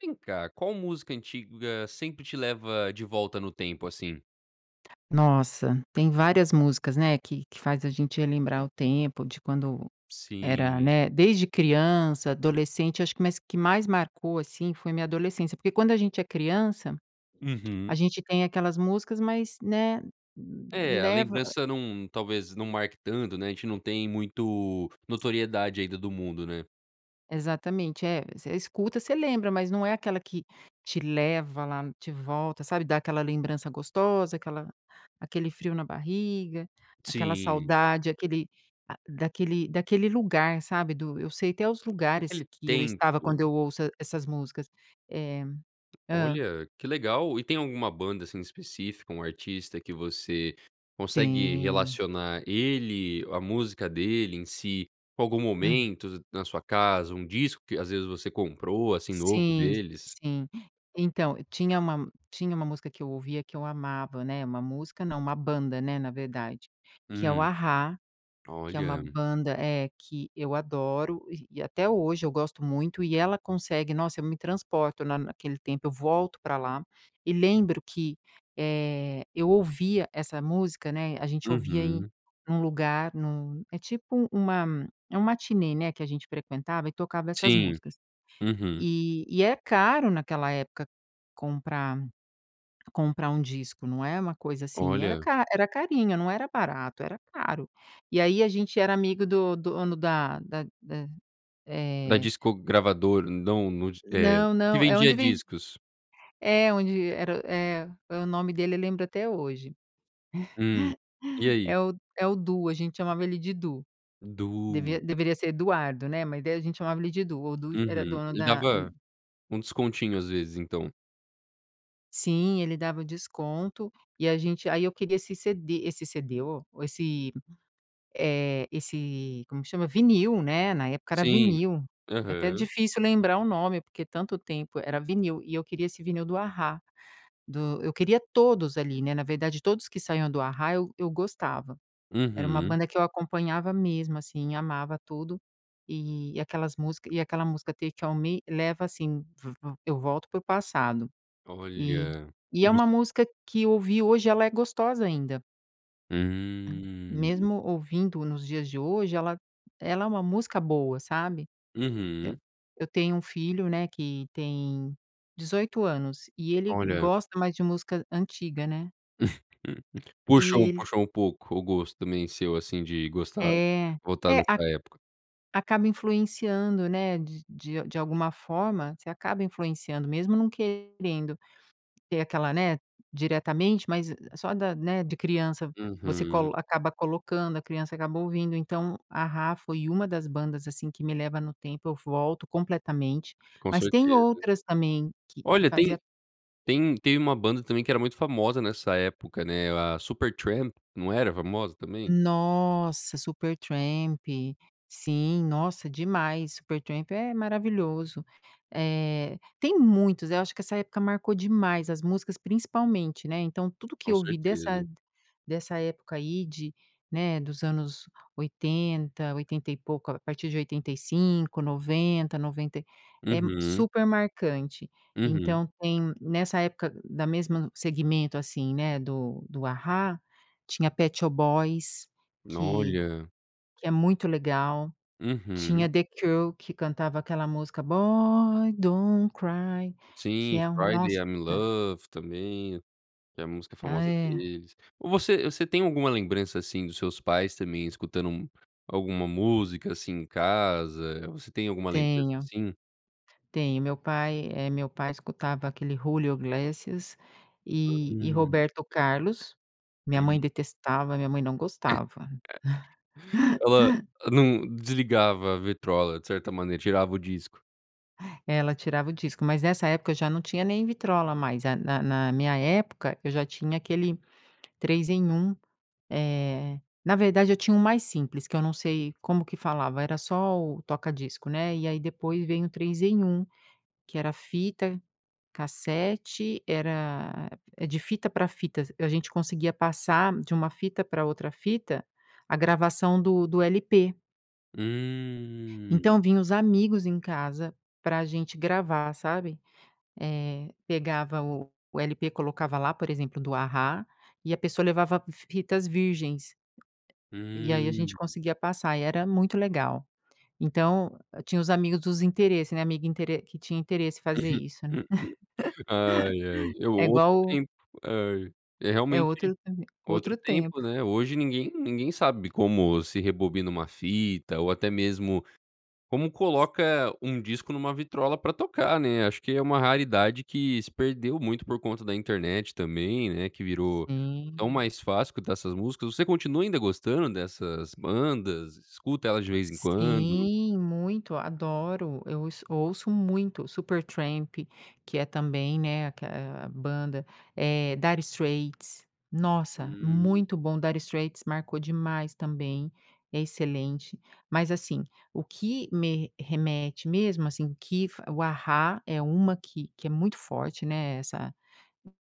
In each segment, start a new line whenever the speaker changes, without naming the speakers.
Vem cá, qual música antiga sempre te leva de volta no tempo, assim?
Nossa, tem várias músicas, né, que que faz a gente relembrar o tempo de quando era
Sim.
né, desde criança, adolescente. Eu acho que o que mais marcou, assim, foi a minha adolescência. Porque quando a gente é criança a
Uhum.
gente tem aquela música mais, né,
É, a
leva
lembrança não, talvez, não marque tanto, né. A gente não tem muito notoriedade ainda do mundo, né?
Exatamente. É, você escuta, você lembra. Mas não é aquela que te leva lá de volta, sabe, dá aquela lembrança gostosa, aquela aquele frio na barriga, aquela
Sim.
saudade, aquele a daquele daquele lugar, sabe, do eu sei até os lugares
Naquele
que eu estava quando
tempo.
eu ouço e essas músicas. É. Hã.
Olha, que legal. E tem alguma banda, assim, específica, um artista que você consegue
Tem.
relacionar ele, a música dele em si, com algum
Hum.
momento na sua casa, um disco que às vezes você comprou assim novo
Sim,
deles?
sim. Então, tinha uma tinha uma música que eu ouvia que eu amava, né, uma música, não, uma banda, né, na verdade, que é o
Hum,
A-Ha. Que é uma
Olha.
banda, eh, que eu adoro e até hoje eu gosto muito. E ela consegue nossa, eu me transporto na na naquele tempo, eu volto pra lá. E lembro que, eh, eu ouvia essa música, né, a gente ouvia em
Uhum.
num lugar num é tipo uma é uma matinê, né, que a gente frequentava e tocava essas
Sim,
músicas.
uhum.
E e é caro naquela época comprar comprar um disco, não é uma coisa assim. Era
Olha.
ca era carinho, não era barato, era caro. E aí a gente era amigo do do dono da da da,
Dá
eh
disco gravador, não eh,
Não,
nos que
não. É
vendia
onde vedi
discos.
é onde era é o nome dele eu lembro até hoje.
Hum. E aí?
É o é o Du, a gente chamava ele de Du.
O Du!
Deve deveria ser Eduardo, né, mas daí a gente chamava ele de Du. O Du era
Uhum,
dono
ele
da
dava um descontinho às vezes, então.
Sim, ele dava desconto e a gente aí eu queria esse cd esse cd, oh, esse, eh, esse como que chama? Vinil, né, na época era
Sim.
vinil. É até
Aham.
difícil lembrar o nome, porque tanto tempo, era vinil. E eu queria esse vinil do A-Ha, do eu queria todos ali, né, na verdade todos que saiam do A-Ha eu eu gostava. Era uma
Uhum.
banda que eu acompanhava mesmo assim, e amava tudo e e aquelas música e aquela música Take on me, leva assim, pr v eu volto pro passado, e
Olha.
e
E
é
voc
uma música que eu ouvi hoje e ela é gostosa ainda.
Hum.
Mesmo ouvindo nos dias de hoje ela ela é uma música boa, sabe, eh,
Uhum.
eu tenho um filho, né, que tem 18 anos e ele
Olha.
gosta mais de música antiga, né
Puxou,
e ele
puxou um pouco o gosto também, seu, assim, de gostar
É,
voltar
é. A
nessa época.
acaba influenciando, né, de de de alguma forma, você acaba influenciando, mesmo não querendo ter aquela, né, diretamente, mas e só da né, de criança, você
Uhum.
colo acaba colocando, a criança acaba ouvindo, então, A-Ha foi uma das bandas, assim, que me leva no tempo, eu volto completamente,
Com
mas tem
certeza.
outras também que que
Olha, tem
fazia
tem tem uma banda também que era muito famosa nessa época, né, era Supertramp, não era famosa também?
Nossa, Supertramp, sim. Nossa, demais, Supertramp é maravilhoso. Eh, tem muitos, eu acho que essa época marcou demais as músicas, principalmente né, então, tudo o que
Com
eu vi dessa
certeza.
dessa época aí de né, dos anos, 80, oitenta e pouco, a partir de 85, 90, 90 e é
Uhum.
super marcante.
Uhum.
Então, tem nessa época, da mesmo segmento, assim, né, do do A-Ha tinha Pet Shop Boys
N
que
olha.
que é muito legal,
Uhum.
tinha The Cure que cantava aquela música Boy don't cry, que
Sim,
é um
Friday
nossa
I’m in Love também, que é a música
Ah,
famosa
é.
deles. Você você tem alguma lembrança, assim, dos seus pais também escutando alguma música, assim, em casa? Você tem alguma lembrança,
Tenho,
assim?
tenho. Meu pai, eh, meu pai escutava aquele Julio Iglesias
Hã,
e e
hum.
Roberto Carlos, minha mãe
Hum.
detestava, minha mãe não gostava.
Ela não desligava a vitrola, de certa maneira tirava o disco.
É, ela tirava o disco, mas nessa época eu já não tinha nem vitrola mais, eh, na na na minha época, eu já tinha aquele 3 em 1. Eh, na verdade, eu tinha um mais simples, que eu não sei como que falava, era só o toca disco, né. E aí, depois vem o 3 em 1, que era fita cassete, era a de fita pra fitas, a gente conseguia passar de uma fita pra outra fita a gravação do do LP.
Hum!
Então, vinha uns amigos em casa para a gente gravar, sabe. Eh, pegava o o LP, colocava lá, por exemplo, do A-ha e pessoa levava fitas virgens. E aí, a gente
Hum!
conseguia passar e era muito legal. Então, tinha os amigos dos interesses, né, amiga intere que tinha interesse em fazer isso, né.
Ai, ai, é
É
outro
igual
tempo, ai, é
É
realmente
outro havia
outro
outro tempo.
tempo, né? Hoje ninguém ninguém sabe como se rebobina uma fita ou até mesmo como coloca um disco numa vitrola pra tocar, né. Acho que é uma raridade que se perdeu muito por conta da internet também, né, que virou tão
Sim.
mais fácil escutar essas músicas. Você continua ainda gostando dessas bandas? Escuta elas de vez em quando?
Sim! Muito! Adoro! Eu ouço ouço muito o Supertramp, que é também, né, aque eh, a banda, eh, Dire Straits. Nossa!
Hum.
Muito bom! Dire Straits marcou demais também, é excelente. Mas, assim, o que me remete mesmo, assim, que fo o A-ha é uma que que é muito forte, né, essa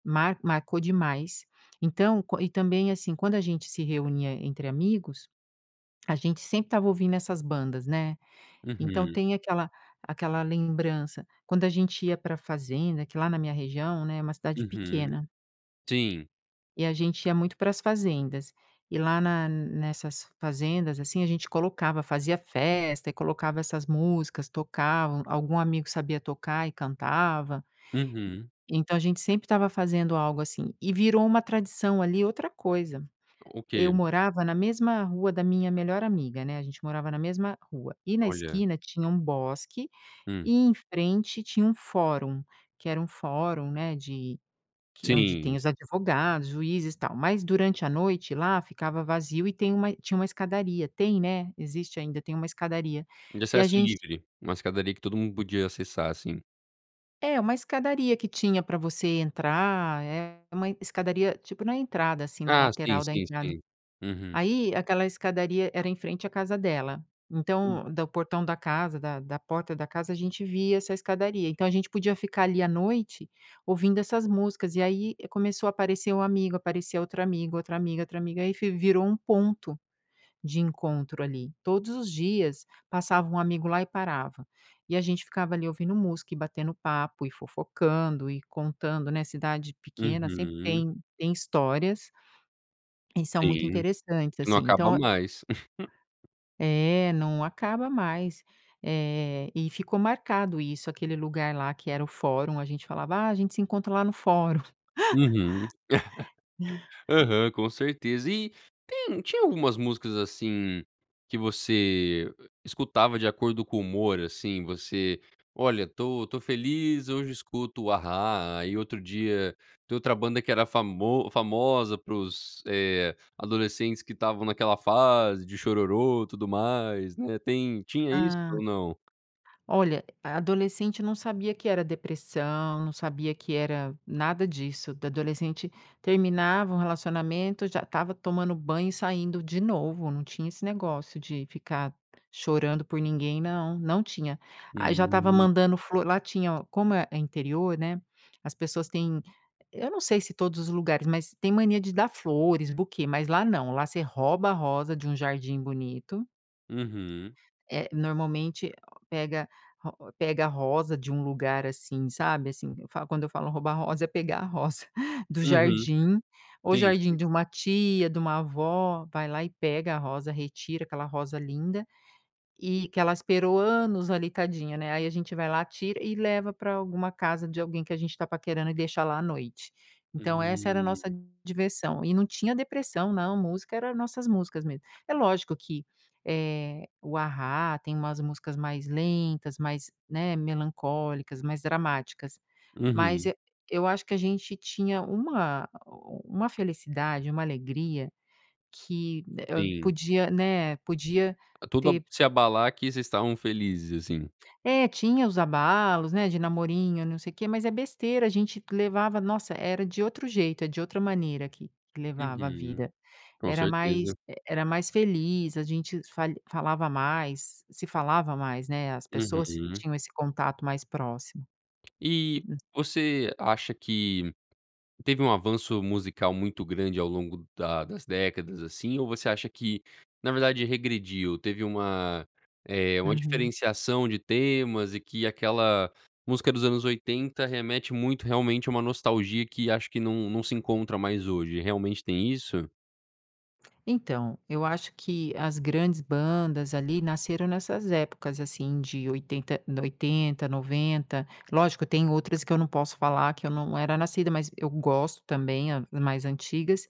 mar marcou demais. Então, quan e também, assim, quando a gente se reunia entre amigos, a gente sempre estava ouvindo essas bandas, né. Então,
Uhum.
tem aquela aquela lembrança. Quando a gente ia pra fazenda que lá na minha região, né, é uma cidade
Uhum.
pequena.
Sim!
E a gente ia muito para as fazendas, e lá na nessas fazendas, assim, a gente colocava fazia festa e colocava essas músicas, tocavam algum amigo sabia tocar e cantava.
Uhum.
Então, a gente sempre estava fazendo algo assim. E virou uma tradição ali outra coisa,
O
eu
que?
morava na mesma rua da minha melhor amiga, né, a gente morava na mesma rua, e na
Olha.
esquina tinha um bosque
Hum.
e em frente tinha um fórum, que era um fórum, né, de que onde tem
Sim!
os advogados, juízes e tal. Mas, durante à noite, lá ficava vazio e tem uma tinha uma escadaria tem, né, existe ainda, tem uma escadaria
De
e a
acesso
gente
livre, uma escadaria que todo mundo podia acessar, assim.
É, uma escadaria que tinha pra você entrar, é uma escadaria, tipo, na entrada, assim, na
Ah, sim,
lateral da
sim,
entrada.
sei. Uhum.
Aí, aquela escadaria era em frente à casa dela.
Hum.
Então, do portão da casa, da da porta da casa, a gente via essa escadaria. Então, a gente podia ficar ali à noite, ouvindo essas músicas e aí, começou a aparecer um amigo, aparecia outro amigo, outra amiga, outra amiga e aí fe virou um ponto de encontro ali, todos os dias passava um amigo lá e parava. E a gente ficava ali ouvindo música, e batendo papo, e fofocando e contando né, cidade pequena sempre
Uhum.
tem tem histórias e são muito
Sim,
interessantes,
que não
assim,
acaba
então é
mais.
É, não acaba mais, eh, e ficou marcado isso, aquele lugar lá, que era o fórum, a gente falava: "Ah, a gente se encontra lá no fórum".
Uhum. Aham, com certeza. E tem tinha algumas músicas, assim, que você, eh, escutava de acordo com o humor, assim, você: "Olha, tô tô feliz, hoje escuto A-ha". E outro dia, tem outra banda que era famo famosa para os, eh, adolescentes que estavam naquela fase de chororô e tudo mais, né, tem tinha isso
Hã.
ou não?
Olha, a adolescente não sabia que era depressão, não sabia que era nada disso da adolescente terminava um relacionamento, já estava tomando banho e saindo de novo. Não tinha esse negócio de ficar chorando por ninguém não, não tinha. Aí, já estava
Aí
mandando
e
flor lá tinha como é é interior, né, as pessoas têm, eu não sei se todos os lugares, mas tem mania de dar flores, buquê, mas lá não, lá você rouba a rosa de um jardim bonito
Uhum.
É, normalmente pega ro pega rosa de um lugar, assim, sabe, assim. Eu fa quando eu falo roubar rosa, é pegar a rosa do
Uhum.
jardim. Ou
Tem
jardim
esse
de uma tia, de uma avó vai lá e pega a rosa, retira aquela rosa linda e que ela esperou anos ali, tadinha, né. Aí, a gente vai lá, tira e leva pra alguma casa de alguém que a gente tá paquerando e deixa lá à noite. Então, essa era a nossa
Hum.
diversão e não tinha depressão não! Música era nossas músicas mesmo. É lógico que, eh, o A-ha tem umas músicas mais lentas, mais, né, melancólicas, mais dramáticas, mas
Uhum.
e eu acho que a gente tinha uma a o om uma felicidade, uma alegria, que né, hã, eh,
Sim.
podia, né, podia
Eh, tudo
ter
se abalar, que vocês estavam felizes, assim.
É, tinha os abalos, né, de namorinho e não sei quê, mas é besteira, a gente levava nossa era de outro jeito, eh, de outra maneira aqui que levava a
Uhum.
vida,
Com
era mais
certeza.
e era mais feliz, a gente falha falava mais se falava mais, né, as pessoas
Uhum.
tinham esse contato mais próximo.
E você acha que teve um avanço musical muito grande ao longo da das décadas, assim? Ou você acha que na verdade regrediu, teve uma, eh, uma
Uhum.
diferenciação de temas e que aquela música dos anos 80 remete muito, realmente a uma nostalgia, que acho que não não se encontra mais hoje. Realmente tem isso?
Então, eu acho que as grandes bandas, ali, nasceram nessas épocas assim de 80 de 80, 90. Lógico tem outras que eu não posso falar que eu não era nascida, mas eu gosto também, a mais antigas.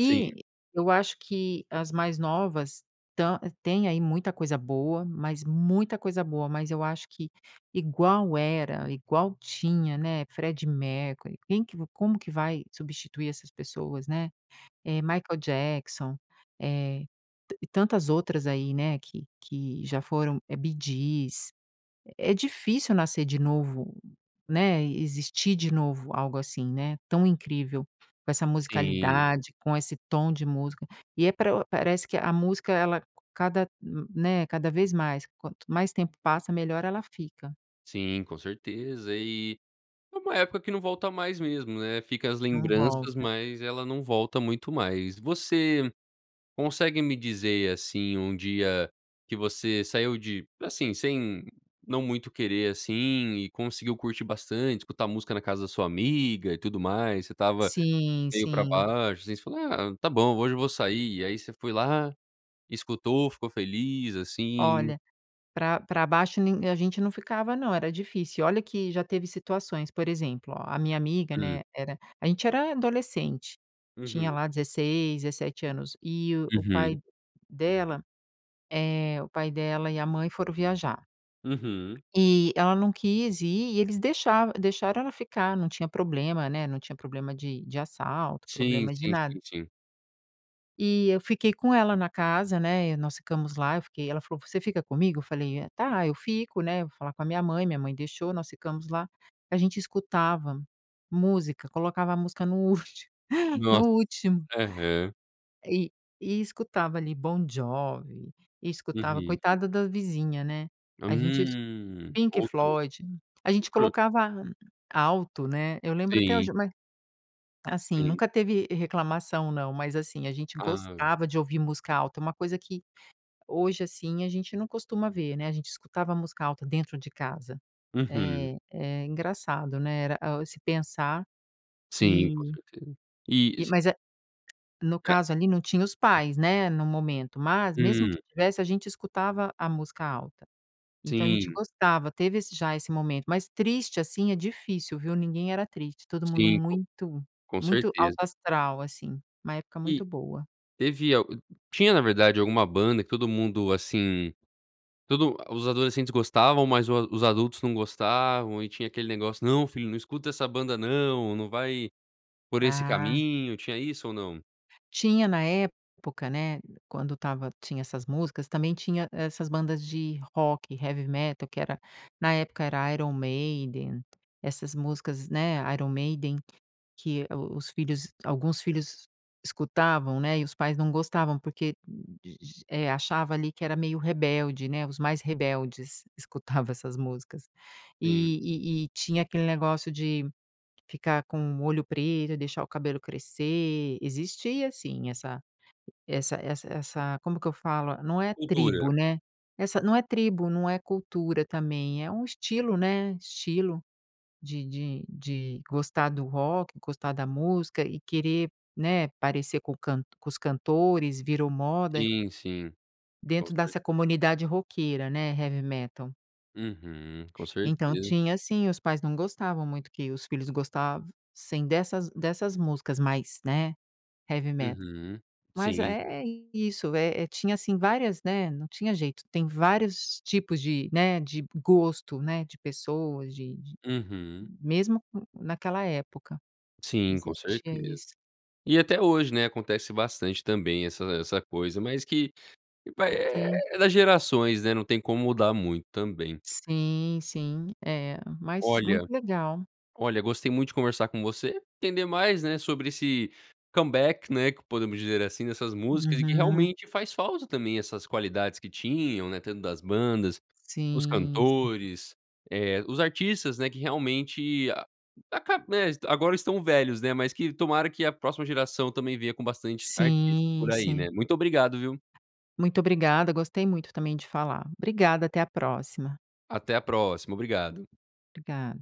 Sim.
eu acho que as mais novas, ta tem aí, muita coisa boa, mas muita coisa boa. Mas eu acho que, igual era, igual tinha, né, Freddie Mercury quem que como que vai substituir essas pessoas, né? Eh, Michael Jackson, eh, e ta tantas outras aí, né, que que já foram. Eh, Bee Gees. É difícil nascer de novo, né, existir de novo, algo assim, né, tão incrível, com essa
Sim.
musicalidade, com esse tom de música. E é pra parece que a música ela cada hum, né, cada vez mais quanto mais tempo passa melhor ela fica.
Sim, com certeza. E é uma época que não volta mais mesmo, né. Fica as
Não
lembranças,
volta.
mas ela não volta muito mais. Você consegue me dizer, assim, um dia que você saiu de, assim, sem não muito querer, assim, e conseguiu curtir bastante, escutar escutar música na casa da sua amiga e tudo mais. Você estava
Sim,
meio pra
sim.
baixo, assim, você falou: "Ah, está bom hoje eu vou sair" e aí você foi lá escutou, ficou feliz, assim.
Olha, pra pra baixo nin a gente não ficava não, era difícil. E olha que já teve situações. Por exemplo, ó, a minha amiga,
Hum.
né, era a gente era adolescente,
Uhum.
tinha lá 16, 17 anos. E o
Uhum.
pai dela, eh, o pai dela e a mãe foram viajar.
Uhum.
Eh, ela não quis ir, e eles deixava deixavam ela ficar, não tinha problemas, né, não tinha problema de de assalto,
Sim,
problema de
sim,
nada.
sim, sim.
E eu fiquei com ela na casa, né, e nós ficamos lá, eu fiquei, ela falou: "Você fica comigo?" Eu falei: "Eh, tá, eu fico, né, eu vou falar com a minha mãe." Minha mãe deixou, nós ficamos lá. A gente escutava música, colocava a música no último, no
Nossa!
último.
Aham.
E e escutava ali Bon Jovi e escutava
Uhum.
coitada da vizinha, né, a gente es
Hum.
Pink
Outro.
Floyd. A gente
Outro.
colocava alto, né. Eu lembro até
Sim.
hoje mas assim,
Sim.
nunca teve, eh, reclamação não, mas, assim a gente
Hã.
gostava de ouvir música alta, é uma coisa que hoje, assim, a gente não costuma ver, né, a gente escutava música alta dentro de casa.
Uhum.
É, é engraçado, né, era, oh, esse pensar
Sim, com
e
certeza. E,
e
cê
mas é no
Ah.
caso ali não tinha os pais, né, no momento, mas mesmo que
Hum.
tivesse, a gente escutava a música alta. Então a gente
Sim.
gostava, teve esse já esse momento. Mas triste, assim, é difícil, viu, ninguém era triste, todo mundo
Sim, co
muito
com
muito alto
certeza.
astral, assim, uma época
E
muito boa.
teve al tinha, na verdade, alguma banda que todo mundo, assim, todo ah, os adolescentes gostavam, mas o os adultos não gostavam e tinha aquele negócio: "Não, filho, não escuta essa banda não. Não vai por esse
Ah.
caminho". Tinha isso ou não?
Tinha na época, né, quando estava tinha essas músicas, também tinha essas bandas de rock, heavy metal que era na época era Iron Maiden, essas músicas, né, Iron Maiden, que o os filhos alguns filhos escutavam, né, e os pais não gostavam porque g eh, achava ali que era meio rebelde, né. Os mais rebeldes escutavam essas músicas.
Sim.
E e e tinha aquele negócio de ficar com o olho preto e deixar o cabelo crescer. Existia sim essa essa essa essa como que eu falo? Não é
Cultura.
tribo, né? Essa não é tribo, não é cultura também, é um estilo né, estilo de de de gostar do rock, gostar da música e querer, né, parecer com o cant com os cantores, virou moda
Sim, sim. Com
dentro dessa
certe
comunidade roqueira, né, heavy metal
Uhum, com
Então,
certeza.
tinha sim, os pais não gostavam muito que os filhos gostassem dessas dessas músicas mais, né, heavy metal.
Uhum.
Mas
Sim.
é é isso, eh eh, tinha assim várias, né, não tinha jeito. Tem vários tipos de, né, de gosto, né, de pessoas, de de
Uhum.
mesmo co naquela época
Sim, com
existia
certeza.
isso.
E até hoje, né, acontece bastante também essa essa coisa, mas que vai eh
Sim.
é das gerações, né, não tem como mudar muito também.
Sim, sim, é. Mas muito
Olha
legal.
olha, gostei muito de conversar com você, entender mais, né, sobre esse comeback, né, que podemos dizer, assim, dessas músicas e que
Uhum.
realmente faz falta também essas qualidades que tinham, né, dentro das bandas, os
Sim, sim.
cantores, eh, os artistas, né, que realmente a acab né, agora estão velhos, né. Mas que tomara que a próxima geração também venha com bastantes artistas por
Sim,
aí, né.
sim.
Muito obrigado, viu.
Muito obrigada, gostei muito, também, de falar. Obrigada, até à próxima.
Até a próxima, obrigado.
Obrigada.